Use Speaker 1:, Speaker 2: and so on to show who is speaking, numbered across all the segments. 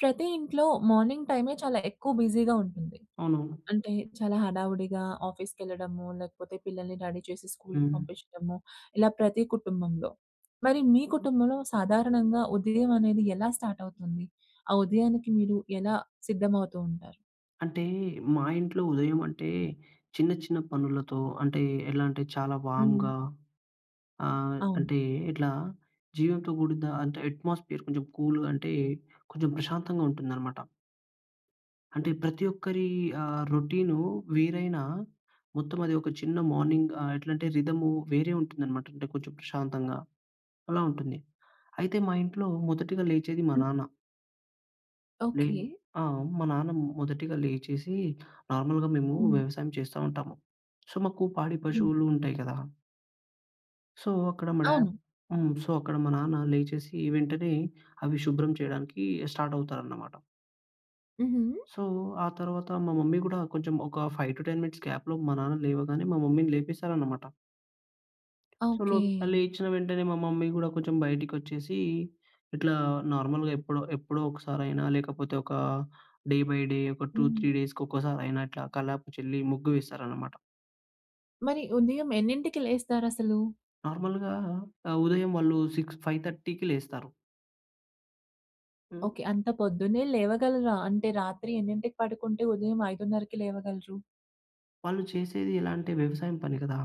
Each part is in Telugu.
Speaker 1: ప్రతి ఇంట్లో మార్నింగ్ టైమే చాలా ఎక్కువ బిజీగా ఉంటుంది.
Speaker 2: అవునవును.
Speaker 1: అంటే చాలా హడావుడిగా ఆఫీస్‌కెళ్ళడము. లేకపోతే, పిల్లల్ని రెడీ చేసి స్కూల్‌కి
Speaker 2: హ్మ్.
Speaker 1: పంపించడము ఇలా ప్రతి కుటుంబంలో. మరి మీ కుటుంబంలో సాధారణంగా ఉదయం అనేది ఎలా స్టార్ట్ అవుతుంది? ఆ ఉదయానికి మీరు ఎలా సిద్ధమవుతూ ఉంటారు?
Speaker 2: అంటే, మా ఇంట్లో ఉదయం అంటే చిన్న, చిన్న పనులతో అంటే ఎలా అంటే, చాలా
Speaker 1: హ్మ్.
Speaker 2: వార్మ్‌గా ఆహ్,
Speaker 1: అవును.
Speaker 2: అంటే ఇట్లా జీవంతో కూడిన అంటే అట్మాస్ఫియర్ కొంచెం కూల్‌గా అంటే కొంచెం ప్రశాంతంగా ఉంటుందనమాట. అంటే, ప్రతి ఒక్కరి ఆహ్, రొటీనూ వేరైనా మొత్తం అది ఒక చిన్న మార్నింగ్ ఆహ్, ఎట్లాంటే రిధము వేరే ఉంటుందనమాట. అంటే, కొంచెం ప్రశాంతంగా అలా ఉంటుంది. అయితే మా ఇంట్లో మొదటిగా లేచేది మా
Speaker 1: హ్మ్.
Speaker 2: నాన్న. లె
Speaker 1: ఓకే.
Speaker 2: ఆ! మా నాన్న మొదటిగా లేచేసి, నార్మల్‌గా మేము
Speaker 1: హ్మ్.
Speaker 2: వ్యవసాయం చేస్తా ఉంటాము. సో, మాకు పాడి
Speaker 1: హ్మ్.
Speaker 2: పశువులు ఉంటాయి గదా! సో, అక్కడ మా డ
Speaker 1: అవును.
Speaker 2: హ్మ్. సో, అక్కడ మా నాన్న లేచేసి, వెంటనే అవి శుభ్రం చేయడానికి స్టార్ట్ అవుతారన్నమాట.
Speaker 1: హుహు!
Speaker 2: సో, ఆ తర్వాత మా మమ్మీ గూడా కొంచెం ఒక 5-10 మినిట్స్ గ్యాప్‌లో మా నాన్న లేవగానే మా మమ్మీ‌ని లేపేస్తారన్నమాట. So
Speaker 1: okay.
Speaker 2: లోప్ లేచిన వెంటనే మా మమ్మీ కూడా కొంచెం బయటికొచ్చేసి, ఇట్లా నార్మల్‌గా ఎప్పుడో ఎప్పుడో ఒకసారి అయినా, లేకపోతే ఒక డే బై డే, ఒక టూ
Speaker 1: హ్మ్.
Speaker 2: త్రీ డేస్‌కి ఒక్కసారి అయినా అట్లా కల్లాపు చల్లి ముగ్గు వేస్తారన్నమాట.
Speaker 1: మరి ఉదయం ఎన్నింటికి లేస్తారసలు?
Speaker 2: నార్మల్‌గా ఆ! ఉదయం వాళ్ళు, సిక్స్ ఫైవ్ థర్టీకి లేస్తారు.
Speaker 1: ఓకె. అంత పొద్దున్నే లేవగలరా? అంటే, రాత్రి ఎన్నింటికి పడుకుంటే, ఉదయం 5:30కి లేవగలరు?
Speaker 2: వాళ్ళు చేసేది ఎలా అంటే, వ్యవసాయం పని గదా!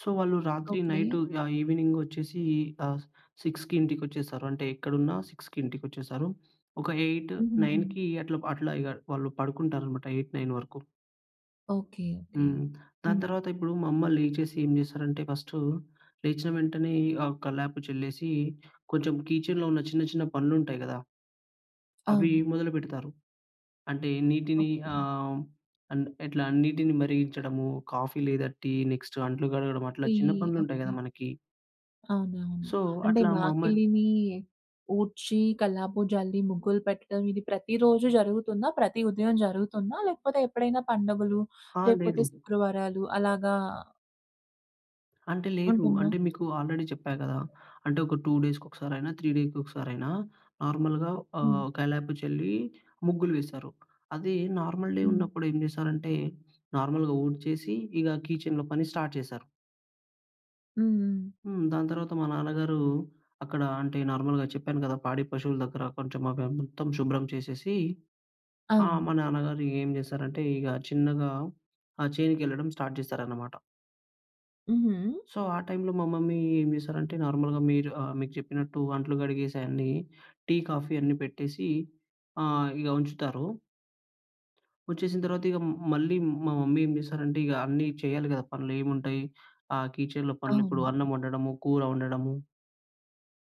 Speaker 2: సో, వాళ్ళు రాత్రి
Speaker 1: ఓకె.
Speaker 2: నైట్, ఆహ్, ఈవినింగ్ వచ్చేసి, ఆహ్, 6కి ఇంటికొచ్చేస్తారు. అంటే ఎక్కడున్నా 6 ఇంటికొచ్చేస్తారు. ఒక ఎయిట్
Speaker 1: హుహుహు.
Speaker 2: నైన్‌కి అట్లా అట్లా ఇగవాళ్ళు పడుకుంటారు అన్నమాట. 8, 9 వరకు.
Speaker 1: ఓకె. ఓకె.
Speaker 2: హ్మ్. ఆ
Speaker 1: హ్మ్.
Speaker 2: తర్వాత ఇప్పుడు మా అమ్మ లేచేసి ఏం చేస్తారంటే, ఫస్టు లేచిన వెంటనే ఆహ్, కల్లాపు చెల్లేసి, కొంచెం కిచెన్‌లో ఉన్న చిన్న, చిన్న పనులు ఉంటాయి గదా! అవి
Speaker 1: అవును.
Speaker 2: మొదలుపెడతారు. అంటే, నీటిని
Speaker 1: ఓకె.
Speaker 2: ఆహ్, అండ్ ఎట్లా నీటిని మరిగించడము, కాఫీ లేదా టీ, నెక్స్ట్ అంట్లు కడగడం అట్లా
Speaker 1: టీ.
Speaker 2: చిన్న పనులు ఉంటాయి
Speaker 1: ఓకె.
Speaker 2: గదా! మనకి.
Speaker 1: అవునవును.
Speaker 2: సో,
Speaker 1: అంటే
Speaker 2: అట్లా మా అమ్మని
Speaker 1: వాకిలిని ఊడ్చి, కల్లాపు జల్లి, ముగ్గులు పెట్టడం ఇది ప్రతి రోజు జరుగుతుందా? ప్రతి ఉదయం జరుగుతుందా? లేకపోతే ఎప్పుడైనా పండగలు,
Speaker 2: అ!
Speaker 1: లేకపోతే
Speaker 2: లేదు.
Speaker 1: శుక్రవారాలు అలాగా
Speaker 2: అంటే, లేదు.
Speaker 1: ఉంటుందా?
Speaker 2: అంటే మీకు ఆల్రెడీ చెప్పా గదా! అంటే, ఒక 2 డేస్‌కొ కసారైనా, 3 డేకొకసారైనా నార్మల్‌గా
Speaker 1: హ్మ్.
Speaker 2: ఆహ్, కల్లాపు చల్లి, ముగ్గులు వేశారు. అది నార్మల్ డే
Speaker 1: హ్మ్.
Speaker 2: ఉన్నప్పుడు ఏం జేసారంటే, నార్మల్‌గా ఊడ్చేసి, ఇగ కీచెన్‌లో పని స్టార్ట్ చేశారు.
Speaker 1: హ్మ్, హ్మ్.
Speaker 2: హ్మ్. దాని తర్వాత, మా నాన్నగారు అక్కడ అంటే, నార్మల్‌గా చెప్పాను గదా పాడి పశువుల దగ్గర కొంచెం అవి మొత్తం షుభ్రం చేసేసి ఆ!
Speaker 1: అవును.
Speaker 2: మా నాన్నగారు ఏం జేసారంటే ఇగ చిన్నగా ఆ చేనుకెళ్ళడం స్టార్ట్ జేసారన్నమాట.
Speaker 1: హుహు.
Speaker 2: సో, ఆ టైంలో మా మమ్మీ ఏం జేసారంటే, నార్మల్‌గా మీరు ఆహ్, మీకు జెప్పినట్టు అంట్లు కడిగేసి అయన్ని టీ, కాఫీ అన్నీ పెట్టేసి ఆహ్, ఇగ ఉంచుతారు. వచ్చేసిన తర్వాత ఇగ మళ్ళీ మా మమ్మీ ఏం జేసారంటే ఇగ అన్నీ చేయాలి గదా! పనులేంముంటాయి ఆ కీచెన్‌లో పనులిప్పుడు
Speaker 1: అవును.
Speaker 2: అన్నం వండడము, కూర వండడము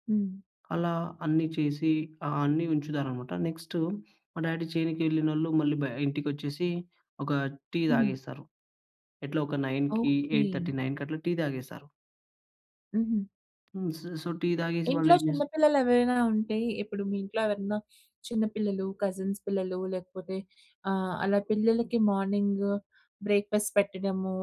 Speaker 1: హ్మ్.
Speaker 2: అలా అన్ని చేసి ఆహ్, అన్ని ఉంచుతారనమాట. నెక్స్ట్ మా డ్యాడీ చేనుకి వెళ్ళినోళ్ళు మళ్ళీ బ ఇంటికొచ్చేసి ఒక టీ
Speaker 1: హ్మ్.
Speaker 2: తాగేస్తారు. ఎట్లా ఒక 9కి ఎయిట్
Speaker 1: ఓకే.
Speaker 2: థర్టీ నైన్‌కి అట్లా టీ తాగేస్తారు.
Speaker 1: ఉహూ!
Speaker 2: హ్మ్. సొ, సో, టీ తాగేసి వాళ్ళు
Speaker 1: ఇంట్లో
Speaker 2: ఏం చేస్తార
Speaker 1: చిన్నపిల్లలు ఎవరైనా ఉంటే ఇప్పుడు మీ ఇంట్లో ఎవరన్నా చిన్న పిల్లలు, కజిన్స్ పిల్లలు లేకపోతే ఆహ్, అలా పిల్లలకి మార్నింగు బ్రేక్‌ఫాస్ట్ పెట్టడము.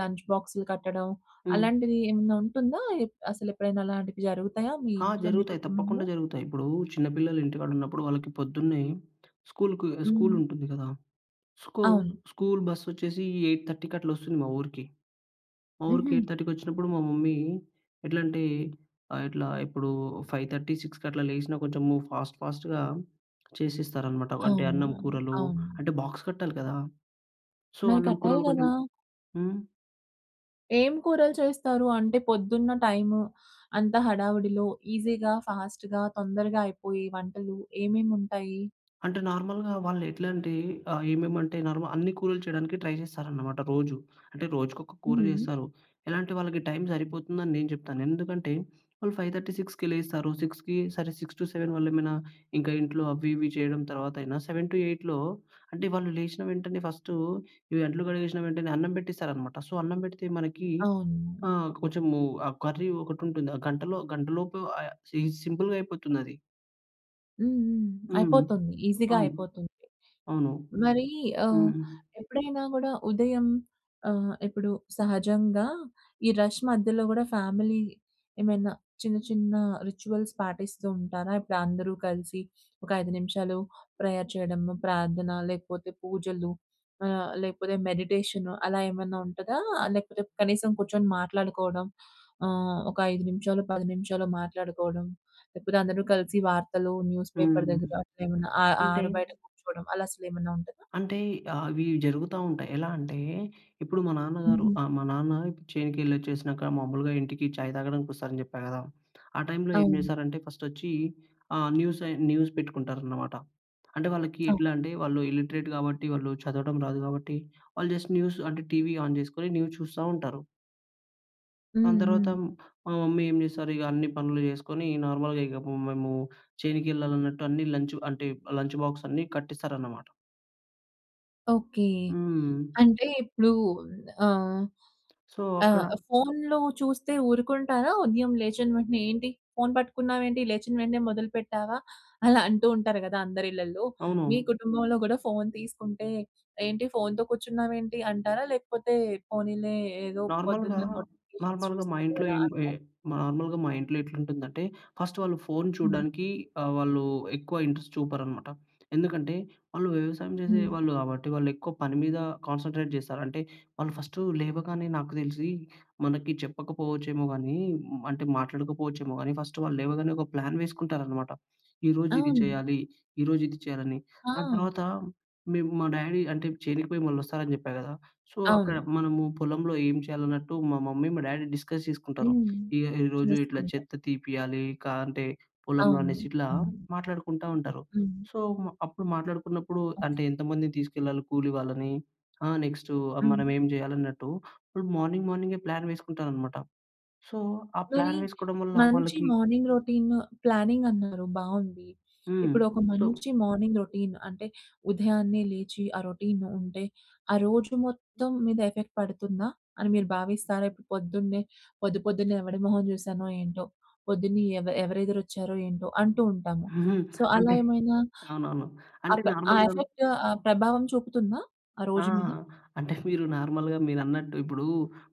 Speaker 1: లంచ్ బాక్స్‌లు కట్టడం.
Speaker 2: హ్మ్.
Speaker 1: అలాంటిది ఏమన్నా ఉంటుందా? ఎప్ అసలెప్పుడైనా అలాంటివి జరుగుతాయా మీ
Speaker 2: ఆ!
Speaker 1: ఇంట్లో మీ
Speaker 2: జరుగుతాయి.
Speaker 1: కుటుంబంలో?
Speaker 2: తప్పకుండా జరుగుతాయి. ఇప్పుడు చిన్న పిల్లలు ఇంటికాడ ఉన్నప్పుడు వాళ్ళకి పొద్దున్నే స్కూల్‌కి
Speaker 1: హ్మ్.
Speaker 2: స్కూలుంటుంది కదా! స్కు
Speaker 1: అవును.
Speaker 2: స్కూల్ బస్ వచ్చేసి 8.30కి అట్ల వస్తుంది మా ఊరికి. మా ఊరికి
Speaker 1: ఉహూ!
Speaker 2: 8.30కి వచ్చినప్పుడు మా మమ్మీ ఎట్లా అంటే ఆహ్, ఇట్లా ఇప్పుడు 5:30, 6కి అట్లా లేసినా కొంచెం ఫాస్ట్ ఫాస్ట్‌గా చేసేస్తారనమాట. అంటే
Speaker 1: అవును.
Speaker 2: అన్నం కూరలు
Speaker 1: అవును.
Speaker 2: అంటే బాక్స్ కట్టాలి కదా! సో,
Speaker 1: మరి
Speaker 2: అన్నం
Speaker 1: కట్టాలి
Speaker 2: కూరలు కొంచెం
Speaker 1: కదా!
Speaker 2: హ్మ్.
Speaker 1: ఏం కూరలు చేస్తారు? అంటే పొద్దున్న టైము అంతా హడావిడిలో ఈసీ‌గా, ఫాస్ట్‌గా తొందరగా అయిపోయి వంటలు ఏమేముంటాయి?
Speaker 2: అంటే నార్మల్‍గా వాళ్ళు ఎట్లా అంటే ఆహ్, ఏమేమంటే నార్మల్ అన్ని కూరలు చేయడానికి ట్రై చేస్తారనమాట రోజూ. అంటే రోజుకొక కూర
Speaker 1: ఉహూ!
Speaker 2: చేస్తారు. ఎలాంటి వాళ్ళకి టైమ్ సరిపోతుందని నేను చెప్తాను. ఎందుకంటే వాళ్ళు 5:30, 6కి లేస్తారు. 6కి సరే 6-7 వాళ్లేమైనా ఇంకా ఇంట్లో అవి ఇవి చేయడం తర్వాత అయినా 7-8లో అంటే వాళ్ళు లేచిన వెంటనే ఫస్టు ఇవి అంట్లు కడిగేసిన వెంటనే అన్నం పెట్టేస్తారనమాట. సో, అన్నం పెడితే మనకి
Speaker 1: అవును.
Speaker 2: ఆహ్, కొంచెము ఆ కర్రీ ఒకటి ఉంటుంది. ఆ గంటలో గంటలోపు ఆహ్, సింపుల్‌గా అయిపోతుందది.
Speaker 1: హ్మ్. హ్మ్.
Speaker 2: హ్మ్.
Speaker 1: అయిపోతోంది. ఈజీగా
Speaker 2: అవును.
Speaker 1: అయిపోతుంది.
Speaker 2: అవును.
Speaker 1: మరీ ఆహ్,
Speaker 2: హ్మ్.
Speaker 1: ఎప్పుడైనా గూడా ఉదయం ఆహ్, ఇప్పుడు సహజంగా ఈ రష్ మధ్యలో గూడా ఫ్యామిలీ ఏమైనా చిన్న, చిన్న రిచ్యువల్స్ పాటిస్తూ ఉంటారా? ఇప్పుడందరూ కలిసి ఒక 5 నిమిషాలు ప్రేయర్ చెయడము. ప్రార్థన, లేకపోతే పూజలు ఆహ్, లేకపోతే మెడిటేషన్, అలా ఏమన్నా ఉంటదా? లేకపోతే కనీసం కూర్చొని మాట్లాడుకోవడం, ఆహ్, ఒక 5 నిమిషాలో, 10 నిమిషాలో మాట్లాడుకోవడం. లేపోతే అందరూ కలిసి వార్తలు, న్యూస్ పేపర్
Speaker 2: హ్మ్.
Speaker 1: దగ్గర అట్లేమన్నా ఆహ్,
Speaker 2: అంటే
Speaker 1: ఆరు బయట కూర్చోడం, అలా అసలేమన్నా ఉంటదా?
Speaker 2: అంటే, ఆహ్, అవీ జరుగుతా ఉంటాయి. ఎలా అంటే, ఇప్పుడు మా నాన్నగారు
Speaker 1: హుహు.
Speaker 2: ఆహ్, మా నాన్న ఇప్పుడు చేనుకెళ్ళొచ్చేసినాక మామూలుగా ఇంటికి చాయ్ తాగడానికొస్తారని చెప్పా గదా! ఆ టైంలో ఏం
Speaker 1: అవును.
Speaker 2: చేశారంటే ఫస్టొచ్చీ ఆహ్, న్యూసయి న్యూస్ పెట్టుకుంటారనమాట. అంటే, వాళ్ళకి
Speaker 1: ఆ!
Speaker 2: ఎట్లా అంటే, వాళ్ళు ఇల్లిటరేట్ గాబట్టి, వాళ్ళు చదవటం రాదు గాబట్టి, వాళ్ళు జస్ట్ న్యూస్ అంటే, టీవీ ఆన్ జేసుకొని న్యూస్ చూస్తా ఉంటారు.
Speaker 1: హ్మ్.
Speaker 2: దాని
Speaker 1: హ్మ్.
Speaker 2: తర్వాత మ్ మా మమ్మీ ఏం చేస్తారిగ, అన్ని పనులు చేసుకొని, ఈ నార్మల్‌గా ఇగ పు మేమూ చేనుకెళ్ళాలన్నట్టు అన్ని లంచ్ అంటే లంచ్ బాక్సన్నీ కట్టిస్తారనమాట.
Speaker 1: ఓకె.
Speaker 2: హ్మ్.
Speaker 1: అంటే ఇప్పుడు ఆహ్,
Speaker 2: సో,
Speaker 1: ఆ
Speaker 2: అక్కడ
Speaker 1: ఫోన్‌లో చూస్తే ఊరుకుంటారా ఉదయం లేచిన వెంటనే ఏంటి ఫోన్ పట్టుకున్నావేంటి లేచిన వెంటనే మొదలు పెట్టావా? అలా అంటూ ఉంటారు గదా అందరిళ్ళల్లో. మీ
Speaker 2: అవునవును.
Speaker 1: కుటుంబంలో కూడా ఫోన్ తీసుకుంటే, ఏంటి ఫోన్‌తో కూర్చున్నావు ఏంటి అంటారా? లేకపోతే పోనీలే ఏదో
Speaker 2: నార్మల్‍గా,
Speaker 1: పొద్దున్న నోటిఫికేషన్
Speaker 2: నార్మల్‍గా మా
Speaker 1: చూస్తారు
Speaker 2: ఇంట్లో
Speaker 1: గదా!
Speaker 2: ఏంట్ వె
Speaker 1: అంటారా?
Speaker 2: నార్మల్‍గా మా ఇంట్లో ఎట్లుంటుందంటే, ఫస్ట్ వాళ్ళు ఫోన్
Speaker 1: హ్మ్.
Speaker 2: చూడడానికి ఆహ్, వాళ్ళు ఎక్కువ ఇంట్రెస్ట్ చూపరనమాట. ఎందుకంటే, వాళ్ళు వ్యవసాయం
Speaker 1: హ్మ్.
Speaker 2: జేసేవాళ్ళు కాబట్టి వాళ్ళెక్కువ పని మీద కాన్సంట్రేట్ జేస్తారు. అంటే, వాళ్ళు ఫస్ట్ లేవగానే నాకు దెలిసి మనకి చెప్పకపోవచ్చేమో గానీ, అంటే మాట్లాడకపోవచ్చేమో గానీ ఫస్ట్ వాళ్ళు లేవగానే, ఒక ప్లాన్ వేసుకుంటారనమాట. ఈరోజు ఇది
Speaker 1: అవును.
Speaker 2: చేయాలి, ఈరోజు ఇది చేయాలని.
Speaker 1: ఆ!
Speaker 2: దాని తర్వాత మేం మా డాడీ అంటే చేనుకిపోయి మళ్ళి వస్తారని జెప్పా గదా! సో అక్కడ
Speaker 1: అవును.
Speaker 2: మనము పొలంలో ఏం చేయాలన్నట్టు, మా మమ్మీ మా డ్యాడీ డిస్కస్ జేసుకుంటారు.
Speaker 1: హ్మ్.
Speaker 2: ఇగ ఈరోజు ఇట్లా
Speaker 1: చేసుకుంటా.
Speaker 2: చెత్త తీపియాలి, కా అంటే పొలంలో
Speaker 1: అవును.
Speaker 2: అనేసి ఇట్లా
Speaker 1: అవును.
Speaker 2: మాట్లాడుకుంటా ఉంటారు.
Speaker 1: హ్మ్.
Speaker 2: సో, అప్పుడు మాట్లాడుకున్నప్పుడు
Speaker 1: ఓకె.
Speaker 2: అంటే, ఎంతమందిని తీసుకెళ్లాలి కూలి వాళ్ళని ఆహ్, నెక్స్ట్
Speaker 1: హ్మ్.
Speaker 2: మనం ఏం జేయాలన్నట్టు, ఇప్పుడు మార్నింగ్, మార్నింగే ప్లాన్ వేసుకుంటారనమాట. సో, ఆ
Speaker 1: మరి
Speaker 2: ప్లాన్ వేసుకోవడం వల్ల
Speaker 1: మంచి
Speaker 2: వాళ్ళకి
Speaker 1: మార్నింగ్ రొటీన్ ప్లానింగ్ అన్నారు బావుంది.
Speaker 2: హ్మ్.
Speaker 1: ఇప్పుడు ఒక
Speaker 2: సో
Speaker 1: మంచి మార్నింగ్ రొటీన్ అంటే, ఉదయాన్నే లేచి ఆ రొటీన్ ఉంటే, ఆ రోజు మొత్తం మీద ఎఫెక్ట్ పడుతుందా, అని మీరు భావిస్తారా? ఇప్పుడు పొద్దున్నే, పొద్దు పొద్దున్నే ఎవడి మొహం చూశానో ఏంటో పొద్దున్నే ఎవ ఎవరెదరు వచ్చారో ఏంటో, అంటూ ఉంటాము. సో, అలా
Speaker 2: అంటే
Speaker 1: ఏమైనా
Speaker 2: అవునవును. అంటే
Speaker 1: అప్ ఆ
Speaker 2: నార్మల్‌గాను
Speaker 1: ఎఫెక్ట్ ఆ ప్రభావం చూపుతుందా ఆ
Speaker 2: ఆ!
Speaker 1: రోజు మీద?
Speaker 2: అంటే మీరు నార్మల్‍గా మీరన్నట్టు, ఇప్పుడు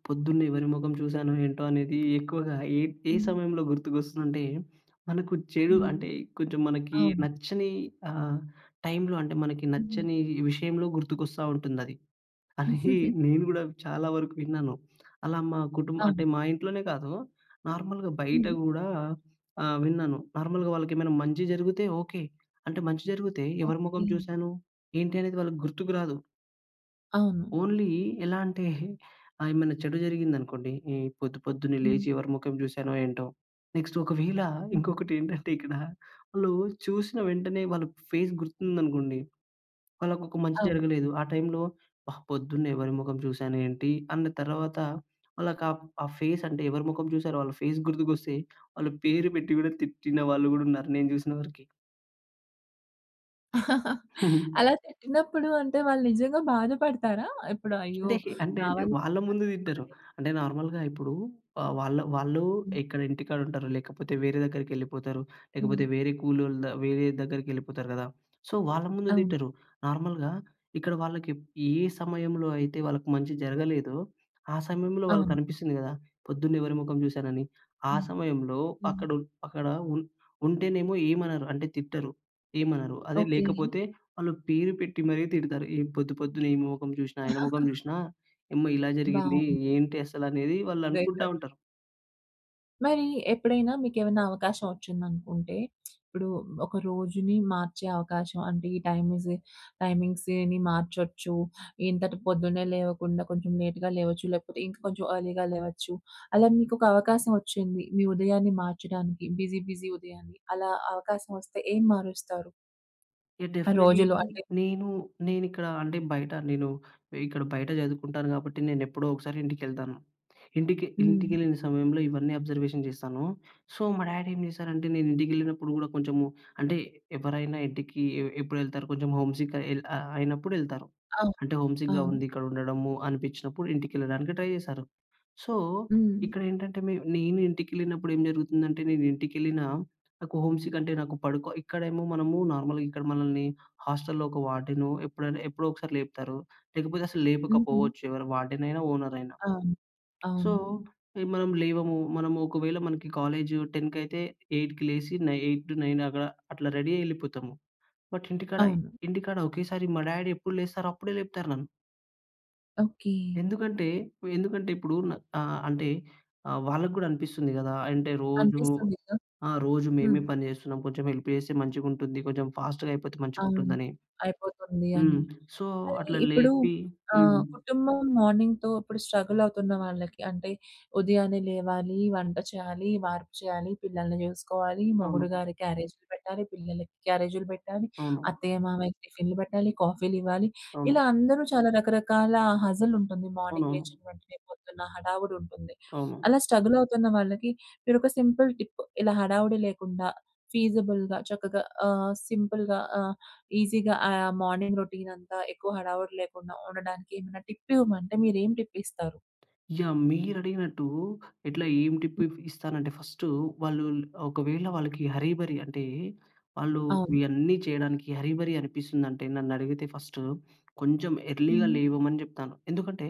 Speaker 2: పొద్దున్నే ఎవరి మొఖం చూశానో ఏంటో అనేది ఎక్కువగా ఏ ఏ
Speaker 1: హ్మ్.
Speaker 2: సమయంలో గుర్తుకొస్తుందంటే, మనకు చెడు
Speaker 1: హ్మ్.
Speaker 2: అంటే కొంచెం మనకి
Speaker 1: అవును.
Speaker 2: నచ్చని ఆహ్, టైంలో అంటే మనకి
Speaker 1: హుహు.
Speaker 2: నచ్చని విషయంలో గుర్తుకొస్తా ఉంటుందది. అయి నేను కూడా చాలా వరకు విన్నాను. అలా మా కుటుంబ అంటే
Speaker 1: అవును.
Speaker 2: మా ఇంట్లోనే కాదు నార్మల్‍గా బయట
Speaker 1: హ్మ్.
Speaker 2: కూడా ఆహ్, విన్నాను నార్మల్‌గా వాళ్ళకి ఏమైనా మంచి జరిగితే ఓకె. అంటే మంచి జరిగితే, ఎవరి
Speaker 1: ఓకె.
Speaker 2: మొఖం చూశాను ఏంటి అనేది వాళ్ళకి గుర్తుకు రాదు.
Speaker 1: అవును.
Speaker 2: ఓన్లీ ఎలా అంటే ఆహ్, ఏమైనా చెడు జరిగిందనుకోండి. ఈ పొద్దు పొద్దున్నే
Speaker 1: హ్మ్.
Speaker 2: లేచి ఎవరి మొఖం చూశానో ఏంటో. నెక్స్ట్ ఒకవేళ
Speaker 1: హ్మ్.
Speaker 2: ఇంకొకటి ఏంటంటే ఇక్కడ వాళ్ళు చూసిన వెంటనే వాళ్ళ ఫేస్ గుర్తుందనుకోండి, వాళ్ళకొక మంచి
Speaker 1: అవును.
Speaker 2: జరగలేదు ఆ టైంలో, "ఆహ్! పొద్దున్నే ఎవరి మొఖం చూసాను ఏంటి?" అన్న తర్వాత వాళ్ళకి ఆ ఫేస్ అంటే ఎవరి మొఖం చూసారో వాళ్ళ ఫేస్ గుర్తుకొస్తే వాళ్ళ పేరు పెట్టి కూడా తిట్టిన వాళ్ళు కూడా ఉన్నారు నేను చూసిన వరకి.
Speaker 1: అలా తిట్టినప్పుడు అంటే వాళ్ళు నిజంగా బాధపడతారా? ఇప్పుడు, "అయ్యో!
Speaker 2: అంటే అంటే
Speaker 1: నా
Speaker 2: అంటే
Speaker 1: వల్ల
Speaker 2: వాళ్ళ ముందు
Speaker 1: [unintelligible]
Speaker 2: తిట్టరు.
Speaker 1: పాడైందా!"
Speaker 2: అంటే నార్మల్‌గా ఇప్పుడు ఆహ్, వాళ్ళ వాళ్ళు
Speaker 1: హ్మ్.
Speaker 2: ఇక్కడ ఇంటికాడ ఉంటారు. లేకపోతే వేరే దగ్గరికి వెళ్ళిపోతారు
Speaker 1: హ్మ్.
Speaker 2: లేకపోతే వేరే కూలోల్లుదా వేరే దగ్గరికి వెళ్ళిపోతారు కదా! సో, వాళ్ళ ముందు
Speaker 1: అవును.
Speaker 2: తిట్టరు. నార్మల్‌గా ఇక్కడ వాళ్ళకి ఏ సమయంలో అయితే వాళ్ళకి మంచి జరగలేదో ఆ సమయంలో వాళ్ళకి
Speaker 1: అవును.
Speaker 2: అనిపిస్తుంది కదా! "పొద్దున్నే ఎవరి మొఖం చూశాన"ని. ఆ
Speaker 1: హ్మ్,
Speaker 2: సమయంలో
Speaker 1: హ్మ్.
Speaker 2: అక్కడ అక్కడ ఉ ఉంటేనేమో ఏమనరు అంటే తిట్టరు ఏమనరు. అదే
Speaker 1: ఓకే.
Speaker 2: లేకపోతే వాళ్ళు పేరు పెట్టి మరి తిడతారు. "పొద్దు పొద్దున్న ఈ మొఖం చూసినా, ఆయన మొఖం చూసినా, ఇమ్మా ఇలా జరిగింది
Speaker 1: బావుంది.
Speaker 2: ఏంటి అసలు?" అనేది వాళ్ళు అనుకుంటా
Speaker 1: [unintelligible]
Speaker 2: ఉంటారు.
Speaker 1: మరి ఎప్పుడైనా మీకేవన్నా అవకాశం వచ్చిందనుకుంటే, ఇప్పుడు ఒక రోజుని మార్చే అవకాశం, అంటే ఈ టైమీజి టైమింగ్స్‌ ఇయన్నీ మార్చొచ్చు. ఇంతటి పొద్దున్నే లేవకుండా కొంచెం లేట్‌గా లేవచ్చు లేకపోతే ఇంక కొంచెం అర్లీగా లేవచ్చు. అలా మీకొక అవకాశం వచ్చింది. మీ ఉదయాన్ని మార్చడానికి బిజీ, బిజీ ఉదయాన్ని అలా అవకాశం వస్తే ఏం మారుస్తారు?
Speaker 2: యహ్! డెఫినెట్‌లీ
Speaker 1: రోజులు అంటే?
Speaker 2: నేనూ, నేనిక్కడ అంటే బయట నేను, ఇక్కడ బయట చదువుకుంటాను గాబట్టి నేనెప్పుడో ఒకసారి ఇంటికెళ్తాను. ఇంటికి
Speaker 1: హ్మ్.
Speaker 2: ఇంటికెళ్ళిన సమయంలో ఇవన్నీ అబ్జర్వేషన్ జేస్తాను. సో, మా డాడీ ఏం చేశారంటే నేను ఇంటికెళ్ళినప్పుడు గూడా కొంచెము అంటే ఎవరైనా ఇంటికి ఎ ఎప్పుడెళ్తారు? కొంచెము హోమ్ సిక్ ఎల్ అయినప్పుడెళ్తారు.
Speaker 1: అవును
Speaker 2: అంటే హోమ్ సిక్‌గా
Speaker 1: అవును.
Speaker 2: ఉంది. ఇక్కడుండడము అనిపిచ్చినప్పుడు ఇంటికెళ్ళడానికి ట్రై జేస్తారు. సో,
Speaker 1: హ్మ్.
Speaker 2: ఇక్కడేంటంటే మే నేను ఇంటికెళ్ళినప్పుడేం జరుగుతుందంటే, నేను ఇంటికెళ్ళినా, నాకు హోమ్ సిక్‌ అంటే నాకు పడుకో, ఇక్కడేమో మనమూ నార్మల్‍గా ఇక్కడ మనల్ని హాస్టలులో ఒక వార్డెను ఎప్పుడైనా, ఎప్పుడోకసారి లేపుతారు. లేకపోతే అసలు
Speaker 1: హుహు.
Speaker 2: లేపకపోవచ్చు. ఎవరు వార్డెనయినా, ఓనరయినా.
Speaker 1: అవును.
Speaker 2: సో,
Speaker 1: అవును.
Speaker 2: ఎ మనము లేవము. మనము ఒకవేళ మనకి కాలేజు టెన్‍కయితే, 8కి లేసి నై 8-9 అక్కడ అట్లా రెడీ అయి యెళ్ళిపోతాము. బట్ ఇంటికాడ,
Speaker 1: అవును.
Speaker 2: ఇంటికాడ ఒకేసారి మా డాడి ఎప్పుడు లేస్తారో అప్పుడే లేపుతారు నన్ను.
Speaker 1: ఓకె.
Speaker 2: ఎందుకంటే ఎందుకంటే ఇప్పుడు న ఆహ్, అంటే అ వాళ్ళకి కూడా అనిపిస్తుంది గదా! అంటే రోజు
Speaker 1: అనిపిస్తుందిగ.
Speaker 2: ఆ! రోజు
Speaker 1: హ్మ్.
Speaker 2: మేమే పని చేస్తున్నాం. కొంచెం హెల్ప్ చేస్తే మంచిగా ఉంటుంది. కొంచెం ఫాస్ట్‌గా అయిపోతే
Speaker 1: అవును.
Speaker 2: మంచిగుంటుందని.
Speaker 1: అయిపోతుంది
Speaker 2: హ్మ్.
Speaker 1: అని.
Speaker 2: సో,
Speaker 1: మరి
Speaker 2: అట్లా
Speaker 1: ఇప్పుడు
Speaker 2: లేపి హ్మ్.
Speaker 1: ఆహ్, కుటుంబం మార్నింగ్‌తో ఇప్పుడు స్ట్రగల్ అవుతున్న వాళ్ళకి. అంటే ఉదయాన్నే లేవాలి, వంట చేయాలి, వార్పు చేయాలి, పిల్లల్ని చూసుకోవాలి,
Speaker 2: అవును.
Speaker 1: మొగుడుగారి క్యారేజ్‌‌లు పెట్టాలి, పిల్లలకి క్యారేజిలు పెట్టాలి,
Speaker 2: అవును.
Speaker 1: అత్తయ్య మామయ్యకి టిఫిన్‌లు పెట్టాలి, కాఫీలు ఇవ్వాలి.
Speaker 2: అవును.
Speaker 1: ఇలా అందరూ చాలా రకరకాల హజిల్ ఉంటుంది. మార్నింగ్
Speaker 2: అవునవును.
Speaker 1: లేచిన వెంటనే పొద్దున్న హడావుడి ఉంటుంది.
Speaker 2: అవును.
Speaker 1: అలా స్ట్రగల్ అవుతున్న వాళ్ళకి మీరొక సింపుల్ టిప్ ఇలా హడావుడి లేకుండా, ఫీజిబుల్‌గా చక్కగా ఆహ్, సింపుల్‌గా ఆహ్, ఈజీగా ఆహ్, మార్నింగ్ రౌటీన్ అంతా ఎక్కువ హడావుడి లేకుండా ఉండడానికి ఏమైనా టిప్ ఇవ్వమంటే, మీరేం టిప్ ఇస్తారు?
Speaker 2: యాహ్! మీరడిగినట్టు ఇట్లా ఏం టిప్ ఇఫ్ ఇస్తానంటే ఫస్టు, వాళ్ళు ల్ ఒకవేళ వాళ్ళకి హర్రీ బరి అంటే, వాళ్ళు
Speaker 1: అవును.
Speaker 2: ఇయన్నీ చేయడానికి హర్రీ బరి అనిపిస్తుందంటే నన్నడిగితే ఫస్టు కొంచెం ఎర్లీగా
Speaker 1: హ్మ్.
Speaker 2: లేవమని చెప్తాను. ఎందుకంటే,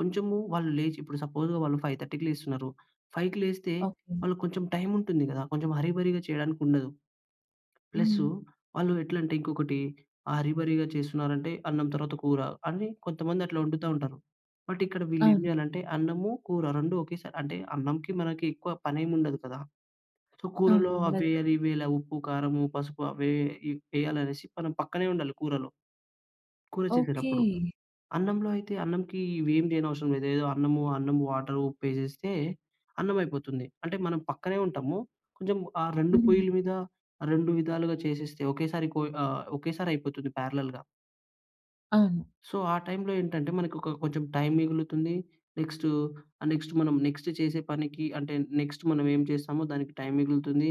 Speaker 2: కొంచెము వాళ్ళు లేచి ఇప్పుడు సపోజ్‌ వాళ్ళు 5:30కి లేస్తున్నారు. 5కి లేస్తే,
Speaker 1: ఓకె.
Speaker 2: వాళ్ళకి కొంచెం టైం ఉంటుంది గదా! కొంచెం హర్రీ బరిగా చేయడానికి ఉండదు.
Speaker 1: హ్మ్.
Speaker 2: ప్లసు వాళ్ళు ఎట్లంటే ఇంకొకటి హర్రీ బరిగా చేస్తున్నారంటే, అన్నం తర్వాత కూర అని కొంతమంది అట్లా వండుతా ఉంటారు. బట్, ఇక్కడ వీళ్ళు ఏం
Speaker 1: అవును.
Speaker 2: చేయాలంటే అన్నము, కూర రెండు ఒకేసారి అంటే అన్నంకి మనకి ఎక్కువ పని ఏమి ఉండదు కదా. సో,
Speaker 1: అవును.
Speaker 2: కూరలో అవి
Speaker 1: ఉండదు
Speaker 2: ఏయాలి,
Speaker 1: కదా.
Speaker 2: ఇవి ఏయాల ఉప్పు, కారము, పసుపు అవి ఇ వేయాలనేసి మనం పక్కనే ఉండాలి కూరలో కూర
Speaker 1: ఓకె.
Speaker 2: చేసేటప్పుడు. అన్నంలో అయితే, అన్నంకి ఇవేమీ చేయనవసరం లేదు. ఏదో అన్నము అన్నం వాటర్, ఉప్పు ఎసేస్తే అన్నం అయిపోతుంది. అంటే మనం పక్కనే ఉంటాము. కొంచెం ఆ 2
Speaker 1: హ్మ్.
Speaker 2: పొయ్యల మీద, 2 విధాలుగా చేసేస్తే, ఒకేసారి కొయి ఆహ్, ఒకేసారి అయిపోతుంది పారాలాల్‌గా.
Speaker 1: అవును.
Speaker 2: సో, ఆ టైమ్‌లో ఏంటంటే, మనకు ఒక కొ కొంచెం టైమ్ మిగులుతుంది. నెక్స్ట్ ఆహ్, నెక్స్ట్ మనం నెక్స్ట్ చేసే పనికి అంటే నెక్స్ట్ మనం ఏం చేస్తామో దానికి టైమ్ మిగులుతుంది.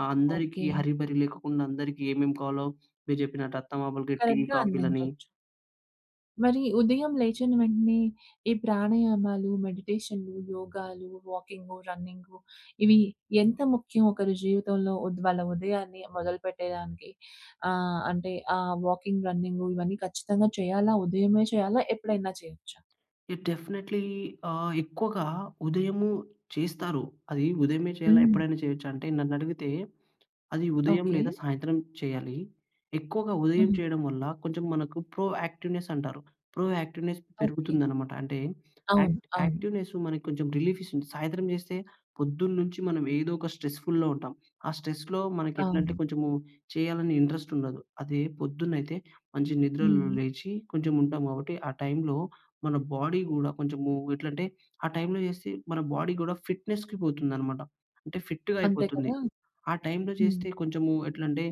Speaker 2: ఆహ్,
Speaker 1: ఓకే.
Speaker 2: అందరికి హరి, బరి లేకకుండా అందరికి ఏమేమి కావాలో మీరు చెప్పినట్టు అత్తమామలకి టీ,
Speaker 1: కరెక్ట్‌గా
Speaker 2: కాఫీలని.
Speaker 1: అందించొచ్చు. మరి ఉదయం లేచిన వెంటనే ఈ ప్రాణాయామాలు, మెడిటేషన్‌లు, యోగాలు, వాకింగు, రన్నింగు ఇవి ఎంత ముఖ్యం ఒకరి జీవితంలో ఉద్ వాళ్ళ ఉదయాన్ని మొదలుపెట్టేదానికి? ఆహ్! అంటే ఆహ్, వాకింగ్, రన్నింగూ, ఇవన్నీ ఖచ్చితంగా చేయాలా? ఉదయమే చేయాలా? ఎప్పుడైనా చేయొచ్చా?
Speaker 2: ఇట్ డెఫినైట్‌లీ ఆహ్, ఎక్కువగా ఉదయము చేస్తారు. అది ఉదయమే చేయాలా?
Speaker 1: హ్మ్.
Speaker 2: ఎప్పుడైనా చేయొచ్చా? అంటే నన్ను అడిగితే అది ఉదయం
Speaker 1: ఓకే.
Speaker 2: లేదా సాయంత్రం చేయ్యాలీ. ఎక్కువగా ఉదయం
Speaker 1: హుహు.
Speaker 2: చేయడం వల్ల కొంచెం మనకు ప్రో యాక్టివ్‌నెస్ అంటారు, ప్రో యాక్టివ్‌నెస్
Speaker 1: ఓకే.
Speaker 2: పెరుగుతుందనమాట. అంటే,
Speaker 1: అవును.
Speaker 2: యాక్ట్
Speaker 1: అవును.
Speaker 2: యాక్టివ్‌నెస్ మనకి కొంచెం రిలీఫీస్తుంది. సాయంత్రం చేస్తే పొద్దున్నుంచి మనం ఏదో ఒక స్ట్రెస్‌ఫు‌ల్‌లో ఉంటాం. ఆ స్ట్రెస్‌లో మనకెట్లంటే
Speaker 1: అవును.
Speaker 2: కొంచెమూ చేయాలని ఇంట్రెస్ట్ ఉండదు. అదే పొద్దున్న అయితే మంచి నిద్రలో
Speaker 1: హ్మ్.
Speaker 2: లేచి కొంచెం ఉంటాం కాబట్టి ఆ టైమ్‌లో మన బాడీ గూడా కొంచెమూ ఎట్లంటే ఆ టైమ్‌లో చేస్తే మన బాడీ కూడా ఫిట్‍నెస్‌కి పోతుందనమాట. అంటే ఫిట్‌గా
Speaker 1: అంతే
Speaker 2: అయిపోతుంది.
Speaker 1: కదా!
Speaker 2: ఆ టైమ్‌లో
Speaker 1: హ్మ్.
Speaker 2: చేస్తే కొంచెమూ ఎట్లంటే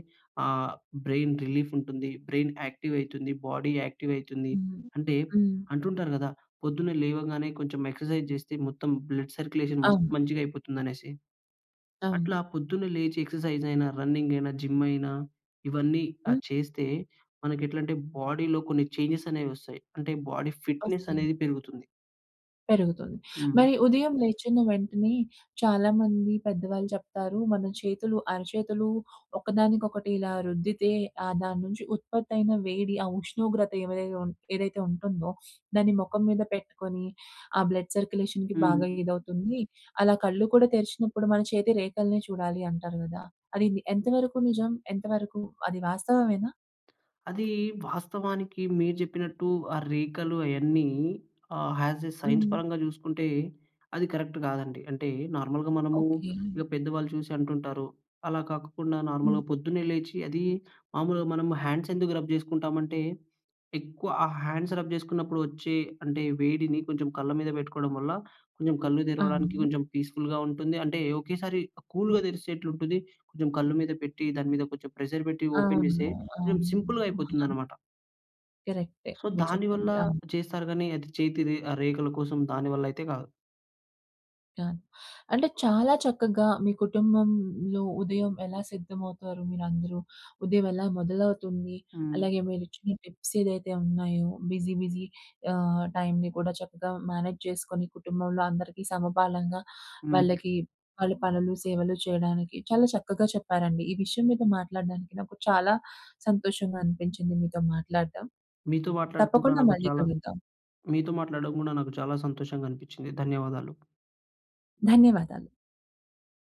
Speaker 2: ఆహ్, బ్రెయిన్ రిలీఫుంటుంది. బ్రెయిన్ యాక్టివైతుంది. బాడీ యాక్టివైతుంది.
Speaker 1: హ్మ్.
Speaker 2: అంటే
Speaker 1: హ్మ్.
Speaker 2: అంటుంటారు కదా! పొద్దున్న లేవగానే కొంచెం ఎక్సర్‌సై‌జ్ చేస్తే మొత్తం బ్లడ్ సర్క్యులేషన్ మస్తు
Speaker 1: అవును.
Speaker 2: మంచిగా అయిపోతుందనేసి.
Speaker 1: అవును.
Speaker 2: అట్లా పొద్దున్న లేచి ఎక్సర్సైజైనా, రన్నింగైనా, జిమ్‌‌ అయినా ఇవన్నీఆ!
Speaker 1: హ్మ్.
Speaker 2: చేస్తే మనకి ఎట్లంటే బాడీలో కొన్ని చేంజ్‌స్ అనేవొస్తాయి. అంటే బాడీ ఫిట్‌నె‌స్
Speaker 1: ఒస్తాయి.
Speaker 2: అనేది పెరుగుతుంది.
Speaker 1: పెరుగుతుంది.
Speaker 2: హుహు.
Speaker 1: మరి ఉదయం లేచిన వెంటనే, చాలామంది పెద్దవాళ్ళు చెప్తారు. మన చేతులు అరచేతులు ఒకదానికొకటి ఇలా రుద్దితే, ఆహ్, దాని నుంచి ఉత్పత్తి అయిన వేడి, ఆ ఉష్ణోగ్రత ఏవై ఏదైతే ఉంటుందో దాన్ని మొఖం మీద పెట్టుకొని, ఆ బ్లడ్ సర్క్యులేషన్‍కి బాగా
Speaker 2: హ్మ్.
Speaker 1: ఇదవుతుంది. అలా కళ్ళు కూడా తెరిచినప్పుడు, మన చేతి రేఖలనే చూడాలి అంటారు కదా! అది ఎంతవరకు నిజం? ఎంతవరకు? అది వాస్తవమేనా?
Speaker 2: అది వాస్తవానికి మీరు చెప్పినట్టు ఆ రేఖలు అవన్నీ ఆహ్, యాజ్ ఎ సైన్స్
Speaker 1: హ్మ్.
Speaker 2: పరంగా చూసుకుంటే, అది కరెక్ట్ కాదండి. అంటే, నార్మల్‍గా మనము
Speaker 1: ఓకె.
Speaker 2: ఇక పెద్దవాళ్ళు చూసి అంటుంటారు. అలా కాకుండా, నార్మల్‍గా
Speaker 1: హ్మ్.
Speaker 2: పొద్దున్నే లేచి, అది మామూలుగా మనము హ్యాండ్స్ ఎందుకు రబ్ చేసుకుంటామంటే, ఎక్కువ ఆ హ్యాండ్స్ రబ్ చేసుకున్నప్పుడు వచ్చే అంటే, వేడిని కొంచెం కళ్ళ మీద పెట్టుకోవడం వల్ల, కొంచెం కళ్ళు తెరవడానికి
Speaker 1: అవును.
Speaker 2: కొంచెం పీస్‌ఫుల్‍గా ఉంటుంది. అంటే, ఒకేసారి
Speaker 1: హ్మ్.
Speaker 2: కూల్‌గా తెరిసేట్లు ఉంటది. కొంచెం కళ్ళు మీద పెట్టి, దాని మీద కొంచెం ప్రెషర్ పెట్టి, ఓపెన్ చేస్తే,
Speaker 1: అవును,
Speaker 2: కొంచెం సింపుల్‌గా
Speaker 1: అవును. అ!
Speaker 2: అయిపోతుందనమాట.
Speaker 1: కరెక్టే,
Speaker 2: సో,
Speaker 1: మీరు
Speaker 2: దాని వల్ల
Speaker 1: చెప్పింది. అవును.
Speaker 2: చేస్తారు గాని, అది చేతి రే ఆహ్, రేఖల కోసం దానివల్ల అయితే కాదు.
Speaker 1: అ! అంటే చాలా చక్కగా మీ కుటుంబంలో ఉదయం ఎలా సిద్ధమవుతారు, మీరందరూ ఉదయం ఎలా మొదలవుతుంది,
Speaker 2: హ్మ్.
Speaker 1: అలాగే, మీరు ఇచ్చిన టిప్స్ ఏదైతే ఉన్నాయో, బిజీ, బిజీ ఆహ్, టైంని కూడా చక్కగా మేనేజ్ చేసుకొని, కుటుంబంలో అందరికీ సమపాలంగా వాళ్ళకి
Speaker 2: హ్మ్.
Speaker 1: వాళ్ళ పనులు, సేవలు చేయడానికి చాలా చక్కగా చెప్పారండి. ఈ విషయం మీద మాట్లాడడానికి నాకు చాలా సంతోషంగా అనిపించింది మీతో మాట్లాడడం.
Speaker 2: మీతో మాట్లాడడం కుడా
Speaker 1: తప్పకుండా
Speaker 2: నాకు
Speaker 1: మళ్ళీ
Speaker 2: చాలా
Speaker 1: కలుద్దాం.
Speaker 2: మీతో మాట్లాడడం కూడా నాకు చాలా సంతోషంగా అనిపించింది. ధన్యవాదాలు.
Speaker 1: ధన్యవాదాలు.